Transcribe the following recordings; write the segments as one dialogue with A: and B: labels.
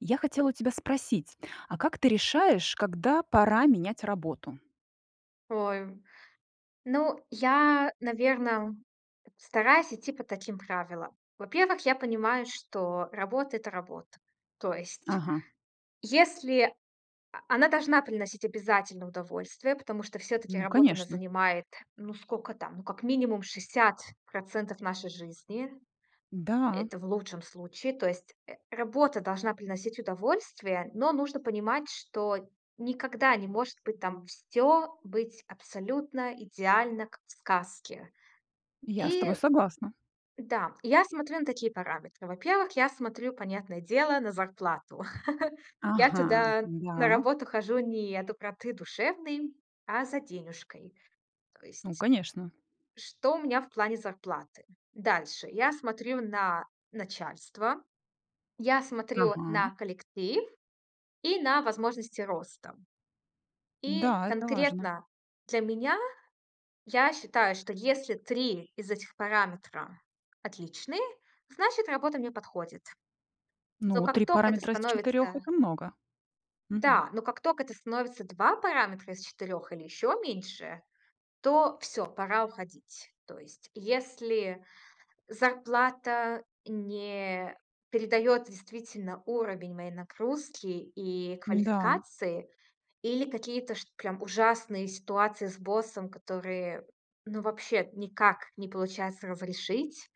A: Я хотела у тебя спросить, а как ты решаешь, когда пора менять работу?
B: Ой, ну, я, наверно, стараюсь идти по таким правилам. Во-первых, я понимаю, что работа- это работа. То есть
A: Ага.
B: если о она должна приносить обязательно удовольствие, потому что всё-таки
A: Ну
B: работа, она
A: конечно.
B: занимает, ну сколько там, ну как минимум 60 % нашей жизни.
A: Да.
B: Это в лучшем случае. То есть, э, работа должна приносить удовольствие, но нужно понимать, что никогда не может быть там всё быть абсолютно идеально, как в сказке.
A: Я с
B: И,
A: тобой согласна.
B: да, и я смотрю на такие параметры. Во-первых, я смотрю, понятное дело, на зарплату. Я
A: Ага,
B: туда, на
A: да.
B: работу, хожу не от доброты душевной, а за денюжкой то
A: Ну,
B: есть.
A: конечно.
B: Что у меня в плане зарплаты? Дальше: я смотрю на начальство, я смотрю
A: Ага.
B: на коллектив и на возможности роста. И
A: Да, это важно.
B: конкретно для меня, я считаю, что если 3 из этих параметра отличные, значит, работа мне подходит. Но
A: Ну,
B: как
A: 3
B: тока это
A: параметра из 4-
B: становится
A: это много. Мгм.
B: Да. Но как тока это становится 2 параметра из 4 или ещё меньше, то всё, пора уходить. То есть если зарплата не передает действительно уровень моей нагрузки и
A: Н-да.
B: квалификации или какие-то чт прям ужасные ситуации с боссом, которые ну вообще никак не получается разрешить,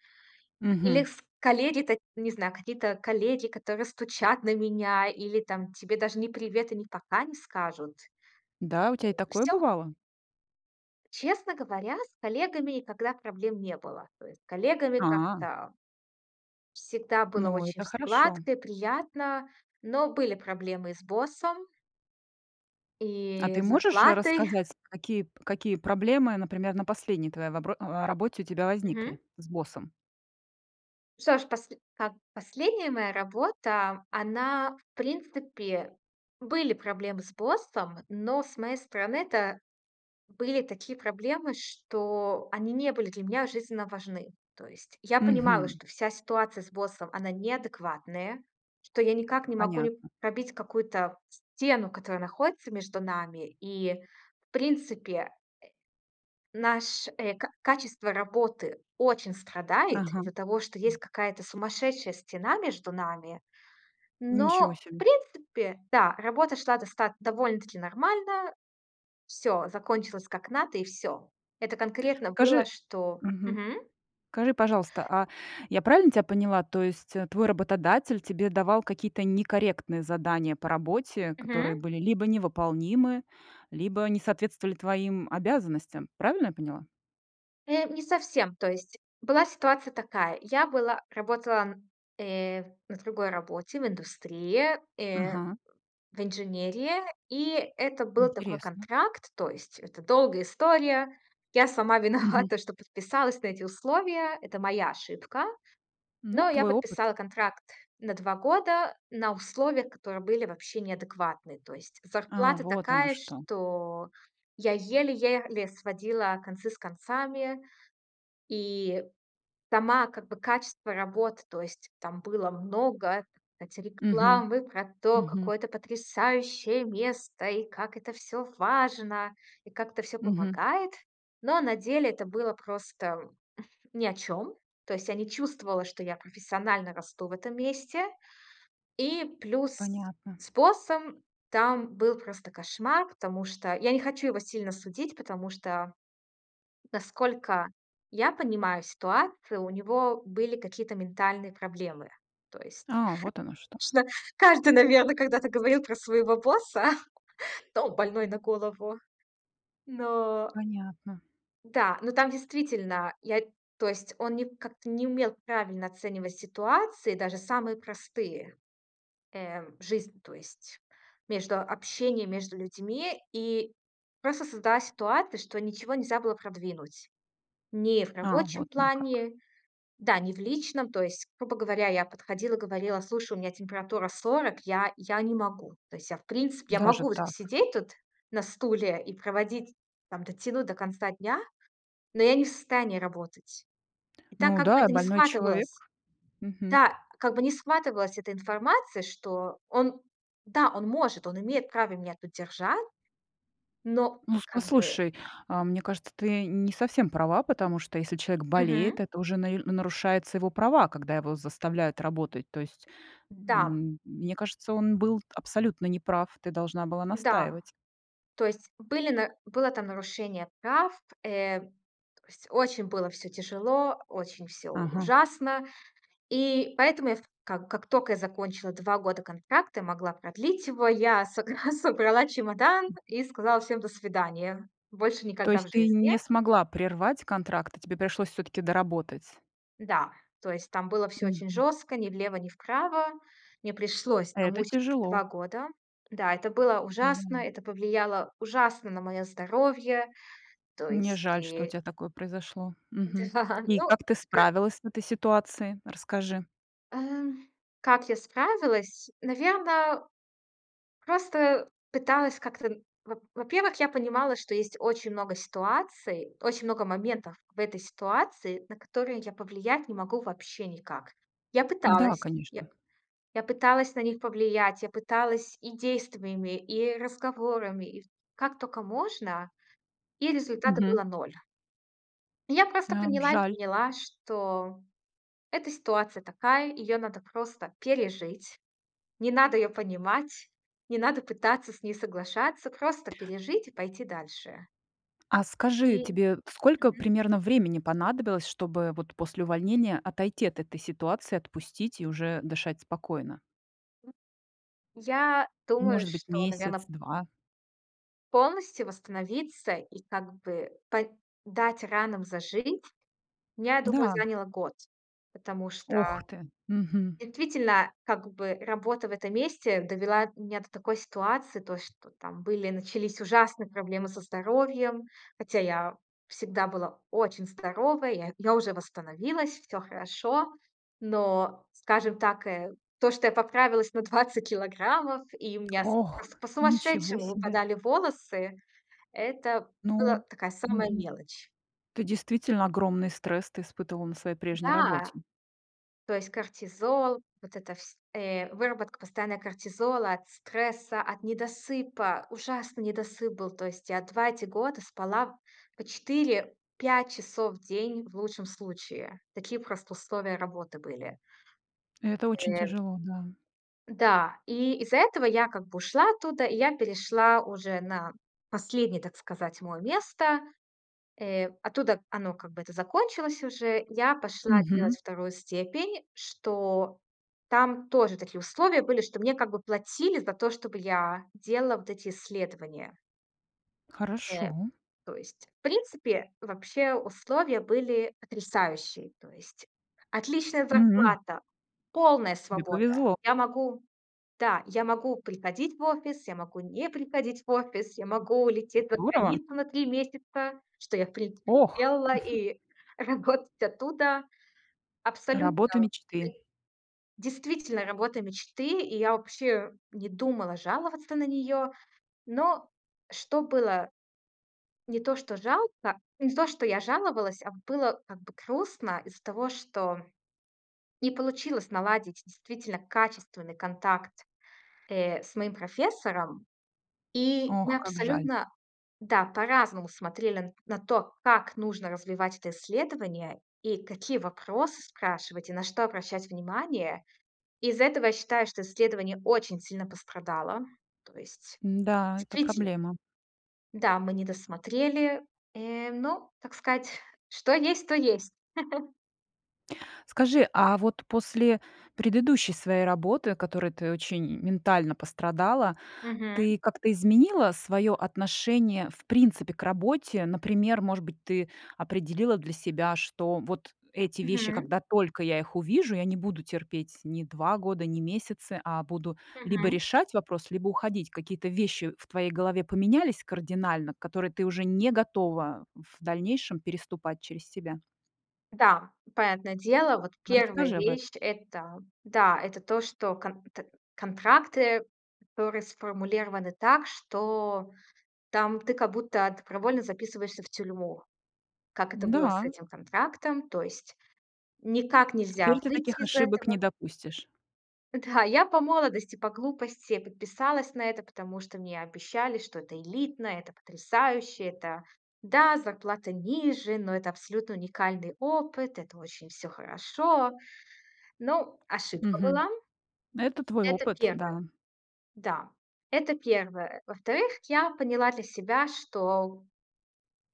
B: или
A: Мгм.
B: с коллеги та не знаю, какие-то коллеги, которые стучат на меня или там тебе даже ни "привет" и ни "пока" не скажут.
A: Да? У тя
B: Э,
A: и такое
B: всё.
A: бывало?
B: Честно говоря, с коллегами никогда проблем не было. То есть с коллегами
A: А.
B: как-то всегда было
A: Ну,
B: очень
A: это
B: всё
A: хорошо.
B: гладко и приятно, но были проблемы и с боссом
A: А
B: и
A: ты
B: с
A: можешь, э,
B: зарплатой.
A: рассказать, какие п какие проблемы, например, на последней твоей вопро а, работе у тебя
B: Мгм.
A: возникли с боссом?
B: Что ж, посль так, последняя моя работа, она, в принципе, были проблемы с боссом, но с моей стороны это были такие проблемы, что они не были для меня жизненно важны. То есть я понимала,
A: Мгм.
B: что вся ситуация с боссом- она неадекватная, что я никак не могу не
A: Понятно.
B: пробить какую-то стену, которая находится между нами. И, в принципе, э, наш, э, ка качество работы очень страдает
A: Ага.
B: из-за того, что есть какая-то сумасшедшая стена между нами,
A: Ничего
B: но, в
A: себе.
B: принципе, да, работа шла достат довольно-таки нормально. Всё закончилось как надо, и всё. Это конкретно было,
A: Скажи
B: что
A: Мгм.
B: Мгм.
A: Скажи, пожалуйста, а я правильно тебя поняла, то есть, э, твой работодатель тебе давал какие-то некорректные задания по работе,
B: Мгм.
A: которые были либо невыполнимы, либо не соответствовали твоим обязанностям? Правильно я поняла?
B: Э, не совсем, то есть была ситуация такая: я была работала на, э, на другой работе, в индустрии, э,
A: Ага.
B: в инженерии. И это был такой
A: Интересно.
B: контракт, то есть это долгая история. Я сама
A: Мгм.
B: виновата, что подписалась на эти условия. Это моя ошибка.
A: Ну,
B: Но я
A: твой опыт.
B: подписала контракт на 2 года, на условиях, которые были вообще неадекватны. То есть
A: А,
B: зарплата
A: вот оно
B: такая,
A: что.
B: что я еле-еле сводила концы с концами. И сама как бы качество работ, то есть там было много- эти
A: Мгм.
B: рекламы про то,
A: Мгм.
B: какое это потрясающее место, и как это всё важно, и как это всё
A: Мгм.
B: помогает. Но на деле это было просто ни о чём. То есть я не чувствовала, что я профессионально расту в этом месте. И плюс
A: Понятно.
B: с боссом там был просто кошмар, потому что я не хочу его сильно судить, потому что, насколько я понимаю ситуацию, у него были какие-то ментальные проблемы. То есть
A: А, вот оно что!
B: [unintelligible] каждый, наверно, когда-то говорил про своего босса: "Да он больной на голову". Но
A: Понятно.
B: Да, но там действительно я то есть он не как-то не умел правильно оценивать ситуации, даже самые простые, э, жизнь, то есть, между общением, между людьми. И просто создалась ситуация, что ничего нельзя было продвинуть. Ни в
A: А,
B: рабочем
A: вот оно как.
B: плане, да, ни в личном, то есть, грубо говоря, я подходила, говорила: "Слушай, у меня температура 40, я я не могу". То есть я, в принципе, я
A: Даже
B: могу
A: так.
B: сидеть тут на стуле и проводить, там, дотянуть до конца дня, но я не в состоянии работать. И так,
A: Ну
B: как бы,
A: да,
B: это не
A: больной
B: схватывалась
A: человек. Мгм.
B: Да, как бы не схватывалась эта информация, что он, да, он может, он имеет право меня тут держать, но
A: Ну с
B: как бы
A: послушай, а мне кажется, ты не совсем права, потому что если человек болеет,
B: Мгм.
A: это уже наиль нарушается его права, когда его заставляют работать, то есть,
B: Да.
A: м, мне кажется, он был абсолютно неправ, ты должна была
B: Да.
A: настаивать.
B: То есть были на было там нарушение прав. Э, то есть очень было всё тяжело, очень всё
A: Ага.
B: ужасно, и поэтому я в как как тока я закончила 2 года контракта, и могла продлить его- я согра собрала чемодан, и сказала всем: "До свидания, больше
A: То
B: никогда в
A: есть ты
B: жизни".
A: не смогла прервать контракт, и тебе пришлось всё-таки доработать?
B: Да, то есть там было всё очень
A: Мгм.
B: жестко: ни влево, ни вправо. Мне пришлось,
A: Это
B: намучались
A: тяжело.
B: 2 года. Да, это было ужасно,
A: Да.
B: это повлияло ужасно на мое здоровье, то
A: Мне
B: есть
A: жаль, что у
B: и
A: тя такое произошло. Мгм.
B: Да,
A: И
B: ну
A: как ты
B: к
A: справилась с этой ситуацией? Расскажи.
B: Эм, как я справилась? Наверно, просто пыталась как-то н во во-первых, я понимала, что есть очень много ситуаций, очень много моментов в этой ситуации, на которые я повлиять не могу вообще никак. Я
A: Да,
B: пыталась. Я
A: конечно.
B: я пыталась на них повлиять, я пыталась и действиями, и разговорами, и в как тока можно, и результата
A: Мгм.
B: было 0. Я просто
A: Ам,
B: поняла
A: жаль.
B: поняла, что эта ситуация такая, её надо просто пережить. Не надо её понимать, не надо пытаться с ней соглашаться. Просто пережить и пойти дальше.
A: А скажи,
B: И
A: тебе сколько
B: Мгм.
A: примерно времени понадобилось, чтобы вот после увольнения отойти от этой ситуации, отпустить и уже дышать спокойно?
B: Я думаю,
A: Может быть,
B: что,
A: месяц,
B: наверно
A: 2?
B: полностью восстановиться и как бы по дать ранам зажить, я думаю,
A: Да.
B: заняло год. Потому
A: Ох
B: что
A: ты, мгм.
B: действительно как бы работа в этом месте довела меня до такой ситуации: то, что там были начались ужасные проблемы со здоровьем. Хотя я всегда была очень здорова. Я я уже восстановилась, всё хорошо. Но, скажем так, э, то, что я поправилась на 20 килограммов и у меня с
A: Ох!
B: просто
A: Ничего
B: по-сумасшедшему
A: себе.
B: выпадали волосы, это было
A: Ну,
B: такая самая
A: мгм.
B: мелочь.
A: Ты действительно огромный стресс ты испытывала на своей прежней
B: Да.
A: работе.
B: То есть кортизол, вот эта вс э, выработка постоянно кортизола, от стресса, от недосыпа, ужасный недосып был. То есть я 2 эти года спала по 4-5 часов в день в лучшем случае. Такие просто условия работы были.
A: Это очень
B: Э.
A: тяжело, да.
B: Да, и из-за этого я как бы ушла оттуда, и я перешла уже на последнее, так сказать, мой место. Э, оттуда оно, как бы, это закончилось уже. Я пошла
A: Мгм.
B: делать 2 степень, что там тоже такие условия были, что мне как бы платили за то, чтобы я делала вот эти исследования.
A: Хорошо.
B: Э, то есть, в принципе, вообще условия были потрясающие, то есть отличная
A: М.
B: зарплата, полная
A: Тебе
B: свобода.
A: повезло!
B: Я могу да, я могу приходить в офис, я могу не приходить в офис, я могу улететь за
A: Здорово!
B: границу на 3 месяца, что я, в принципе, и
A: Ох!
B: сделала, и работать оттуда. Абсолютно,
A: Работа
B: ты
A: мечты.
B: Действительно, работа мечты. И я вообще не думала жаловаться на нее. Но что было: не то, что жалко не то, что я жаловалась, а было как бы грустно из-за того, что не получилось наладить действительно качественный контакт, э, с моим профессором. И
A: Ох,
B: мы
A: как жаль!
B: абсолютно да, по-разному смотрели н на то, как нужно развивать это исследование, и какие вопросы спрашивать, и на что обращать внимание. Из-за этого я считаю, что исследование очень сильно пострадало. То есть
A: М-да, это
B: действительно
A: проблема.
B: Да, мы не досмотрели. Э, ну, так сказать, что есть, то есть.
A: Скажи, а вот после предыдущей своей работы, о которой ты очень ментально пострадала,
B: Мгм.
A: ты как-то изменила свое отношение в принципе к работе? Например, может быть, ты определила для себя, что вот эти вещи,
B: Мгм.
A: когда только я их увижу, я не буду терпеть ни 2 года, ни месяцы, а буду либо
B: Мгм.
A: решать вопрос, либо уходить. Какие-то вещи в твоей голове поменялись кардинально, которые ты уже не готова в дальнейшем переступать через себя?
B: Да, понятное дело. Вот
A: А
B: 1
A: расскажи об этом.
B: вещь- это, да, это то, что конт контракты, которые сформулированы так, что там ты, как будто, добровольно записываешься в тюрьму, как это было с
A: Да.
B: этим контрактом. То есть, никак нельзя
A: Теперь ты таких
B: выйти из
A: ошибок
B: этого.
A: не допустишь.
B: Да, я по молодости, по глупости подписалась на это, потому что мне обещали, что это элитно, это потрясающе, это Да, зарплата ниже, но это абсолютно уникальный опыт, это очень всё хорошо. Ну, ошибка
A: Мгм.
B: была.
A: Это твой
B: Это
A: опыт,
B: 1.
A: да.
B: Да, это 1. Во-вторых, я поняла для себя, что,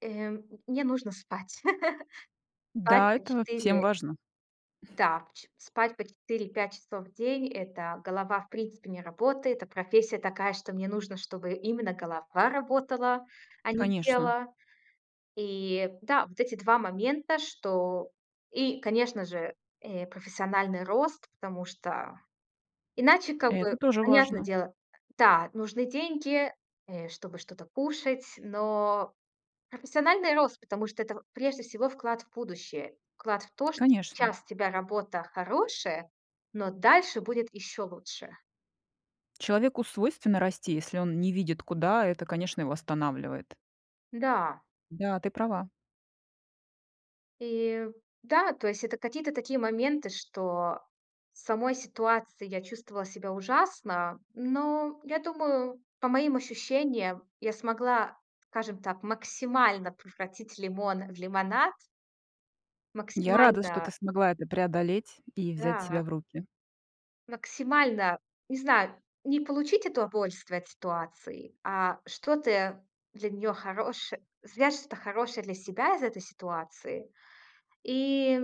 B: э, мне нужно спать. Спать
A: Да,
B: по
A: это всем
B: 4
A: важно.
B: Да, по че спать по 4-5 часов в день- это, голова, в принципе, не работает. А профессия такая, что мне нужно, чтобы именно голова работала, а не
A: Конечно.
B: тело. И, да, вот эти 2 момента, что И, конечно же, э, профессиональный рост, потому что иначе, как
A: Это
B: бы,
A: тоже
B: понятно
A: важно.
B: дело, да, нужны деньги, э, чтобы что-то кушать. Но профессиональный рост, потому что это в прежде всего, вклад в будущее. Вклад в то, что
A: Конечно.
B: сейчас у тебя работа хорошая, но дальше будет еще лучше.
A: Человеку свойственно расти, если он не видит куда, это, конечно, его останавливает.
B: Да.
A: Да, ты права.
B: И, да, то есть это какие-то такие моменты, что в самой ситуации я чувствовала себя ужасно, но я думаю, по моим ощущениям, я смогла, скажем так, максимально превратить лимон в лимонад.
A: Я рада, что ты
B: Максимально.
A: смогла это преодолеть и взять себя
B: Да.
A: в руки.
B: Максимально. Не знаю, не получить удовольствие от ситуации, а что ты для неё хорош свяжешь что-то хорошее для себя из этой ситуации. И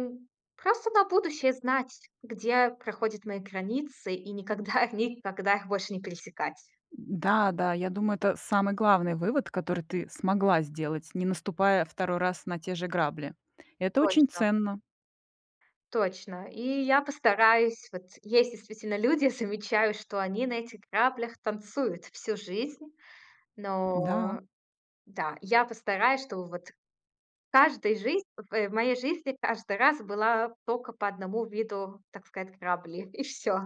B: просто на будущее знать, где проходят мои границы, и никогда, никогда их больше не пересекать.
A: Да-да, я думаю, это самый главный вывод, который ты смогла сделать, не наступая 2 раз на те же грабли. Это очень
B: Точно.
A: ценно.
B: Точно. И я постараюсь. Вот есть действительно люди, замечаю, что они на этих граблях танцуют всю жизнь.
A: Да.
B: Но. Да, я постараюсь, чтобы вот в каждый жизн в в моей жизни каждый раз была только по 1 виду, так сказать, грабли. И всё.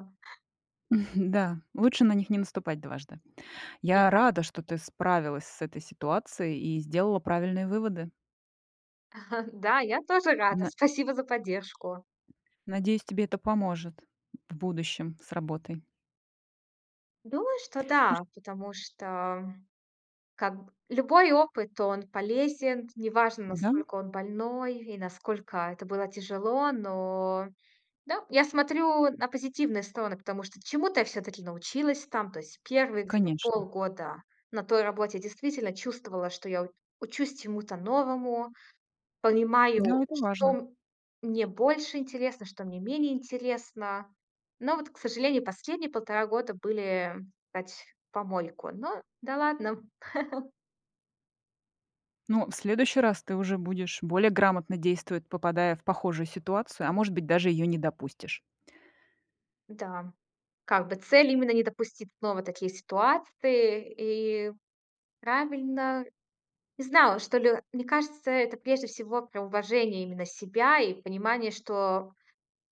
A: Да, лучше на них не наступать дважды.
B: Не
A: Я
B: надо.
A: рада, что ты справилась с этой ситуацией и сделала правильные выводы.
B: Да, я тоже рада.
A: На
B: Спасибо за поддержку.
A: надеюсь, тебе это поможет в будущем с работой.
B: Думаю, что
A: Ну
B: да.
A: чт
B: Потому что, как б любой опыт- он полезен. Неважно
A: Да.
B: насколько он больной, и насколько это было тяжело, но Да, я смотрю на позитивные стороны, потому что чему-то я всё-таки научилась там. То есть 1 где-то
A: Конечно.
B: полгода на той работе я действительно чувствовала, что я у учусь чему-то новому.
A: Да,
B: Понимаю,
A: это важно.
B: что мне больше интересно, что мне менее интересно. Но вот, к сожалению, последние полтора года были, тать, в помойку. Но, да ладно.
A: Но в следующий раз ты уже будешь более грамотно действовать, попадая в похожую ситуацию, а может быть, даже ее не допустишь.
B: Да, как бы, цель- именно не допустить снова такие ситуации, и правильно. Не знала, что ли. Мне кажется, это, прежде всего, про уважение именно себя, и понимание, что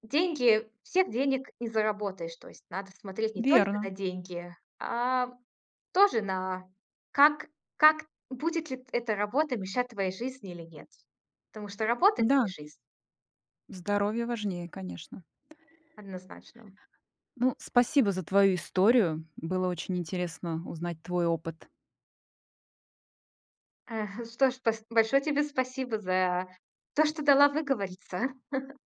B: деньги всех денег не заработаешь. То есть надо смотреть не только
A: Верно.
B: на деньги, а тоже на как как будет ли т эта работа мешать твоей жизни или нет. Потому что работа- это не
A: Да.
B: жизнь.
A: Здоровье важнее, конечно.
B: Однозначно.
A: Ну, спасибо за твою историю, было очень интересно узнать твой опыт.
B: Эх, что ж спас большое тебе спасибо за то, что дала выговориться.